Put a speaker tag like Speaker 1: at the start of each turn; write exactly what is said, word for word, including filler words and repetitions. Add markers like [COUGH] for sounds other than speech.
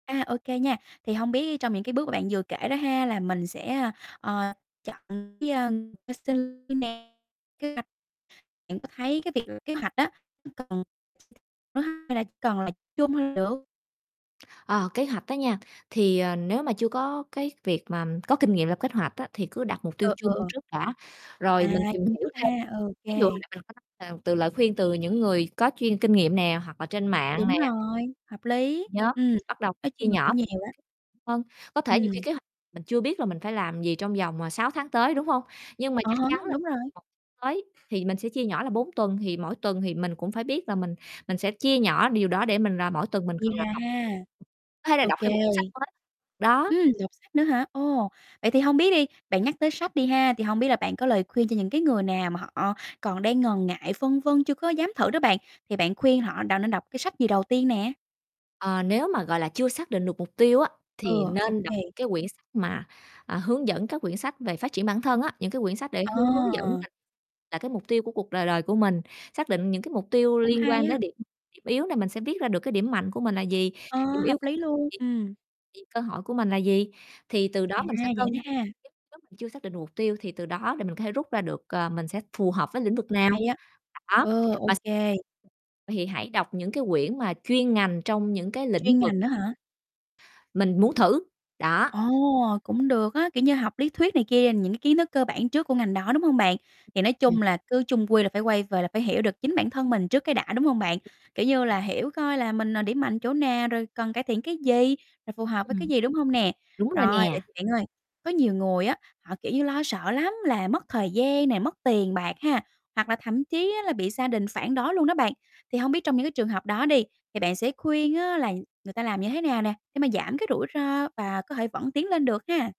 Speaker 1: À, ô kê nha, thì hông biết trong những cái bước mà bạn vừa kể đó ha, là mình sẽ, ơ, ờ, chọn cái, ơ, cái [UNINTELLIGIBLE] bạn có thấy cái việc kế hoạch á cần [UNINTELLIGIBLE] hay là cần là chung được.
Speaker 2: Ờ, kế hoạch đó nha, thì, ờ, nếu mà chưa có cái việc mà có kinh nghiệm lập kế hoạch á, thì cứ đặt mục tiêu
Speaker 1: [UNINTELLIGIBLE] Ờ,
Speaker 2: chung
Speaker 1: ờ.
Speaker 2: trước đã, rồi
Speaker 1: À,
Speaker 2: mình tìm
Speaker 1: chung
Speaker 2: hiểu
Speaker 1: trước
Speaker 2: thêm.
Speaker 1: ha, ô
Speaker 2: Ví dụ mình
Speaker 1: kê.
Speaker 2: [UNINTELLIGIBLE] từ lời khuyên từ những người có chuyên kinh nghiệm nè hoặc là trên mạng nè.
Speaker 1: Đúng rồi, hợp lý,
Speaker 2: Nhóm,
Speaker 1: ừm,
Speaker 2: bắt đầu
Speaker 1: nói
Speaker 2: chia
Speaker 1: chung là
Speaker 2: nhỏ
Speaker 1: cũng nhiều đó.
Speaker 2: hơn, có thể nhiều khi
Speaker 1: Ừm.
Speaker 2: kế hoạch mình chưa biết là mình phải làm gì trong vòng, ờ, sáu tháng tới, đúng hông? Nhưng mà
Speaker 1: À
Speaker 2: chắc
Speaker 1: há,
Speaker 2: chắn là
Speaker 1: đúng rồi.
Speaker 2: một tới thì mình sẽ chia nhỏ là bốn tuần thì mỗi tuần thì mình cũng phải biết là mình mình sẽ chia nhỏ điều đó để mình rà mỗi tuần mình
Speaker 1: Chia
Speaker 2: cần làm
Speaker 1: ra
Speaker 2: học.
Speaker 1: ha.
Speaker 2: Có thể là
Speaker 1: Ô
Speaker 2: đọc
Speaker 1: kê.
Speaker 2: thêm một cuốn sách mới, đó.
Speaker 1: Ừm, đọc sách nữa hả? Ồ, vậy thì hông biết đi, bạn nhắc tới sách đi ha, thì hông biết là bạn có lời khuyên cho những cái người nào mà họ còn đang ngần ngại, phân vân chưa có dám thử đó bạn, thì bạn khuyên họ đọc nên đọc cái sách gì đầu tiên nè.
Speaker 2: Ờ, nếu mà, gọi là, chưa xác định được mục tiêu á, thì
Speaker 1: Ừ, ô
Speaker 2: nên đọc
Speaker 1: kê.
Speaker 2: cái quyển sách mà, à, hướng dẫn các quyển sách về phát triển bản thân á, những cái quyển sách để hương hướng dẫn
Speaker 1: À!
Speaker 2: [UNINTELLIGIBLE] là cái mục tiêu của cuộc đời đời của mình. Xác định những cái mục tiêu
Speaker 1: Cũng
Speaker 2: liên
Speaker 1: hay
Speaker 2: quan đới
Speaker 1: á.
Speaker 2: điểm điểm yếu này mình sẽ biết ra được cái điểm mạnh của mình là gì,
Speaker 1: Ờ,
Speaker 2: điểm
Speaker 1: hợp
Speaker 2: yếu của
Speaker 1: lý
Speaker 2: mình là
Speaker 1: luôn,
Speaker 2: gì,
Speaker 1: ừm.
Speaker 2: thì cơ hội của mình là gì, thì từ
Speaker 1: À,
Speaker 2: đó mình sẽ
Speaker 1: vậy
Speaker 2: cân,
Speaker 1: đó ha.
Speaker 2: [UNINTELLIGIBLE] mình chưa xác định mục tiêu thì từ đó thì mình có thể rút ra được, ờ, mình sẽ phù hợp với lĩnh vực nào,
Speaker 1: Hay á,
Speaker 2: đó,
Speaker 1: ờ, ô
Speaker 2: và
Speaker 1: kê.
Speaker 2: vậy thì hãy đọc những cái quyển mà chuyên ngành trong những cái lĩnh
Speaker 1: Chuyên
Speaker 2: vực
Speaker 1: ngành á hả?
Speaker 2: mình muốn thử, đó.
Speaker 1: Ồ, cũng được á, kiểu như, học lý thuyết này kia, những cái kiến thức cơ bản trước của ngành đó, đúng hông bạn? Thì nói
Speaker 2: Ừm.
Speaker 1: chung là cứ chung quy là phải quay về là phải hiểu được chính bản thân mình trước cái đã, đúng hông bạn? Kiểu như là, hiểu coi là mình, ờ, điểm mạnh chỗ nào rồi cần cải thiện cái gì, rồi phù hợp với cái
Speaker 2: Ừm.
Speaker 1: gì, đúng hông nè?
Speaker 2: Đúng rồi
Speaker 1: Rồi, vậy
Speaker 2: nè.
Speaker 1: thì bạn ơi, có nhiều người á, họ, kiểu như, lo sợ lắm là mất thời gian này, mất tiền bạc ha, hoặc là thậm chí á là bị gia đình phản đối luôn đó bạn. Thì hông biết trong những cái trường hợp đó đi thì bạn sẽ khuyên á là người ta làm như thế nào nè, để mà giảm cái rủi ro và có thể vẫn tiến lên được ha?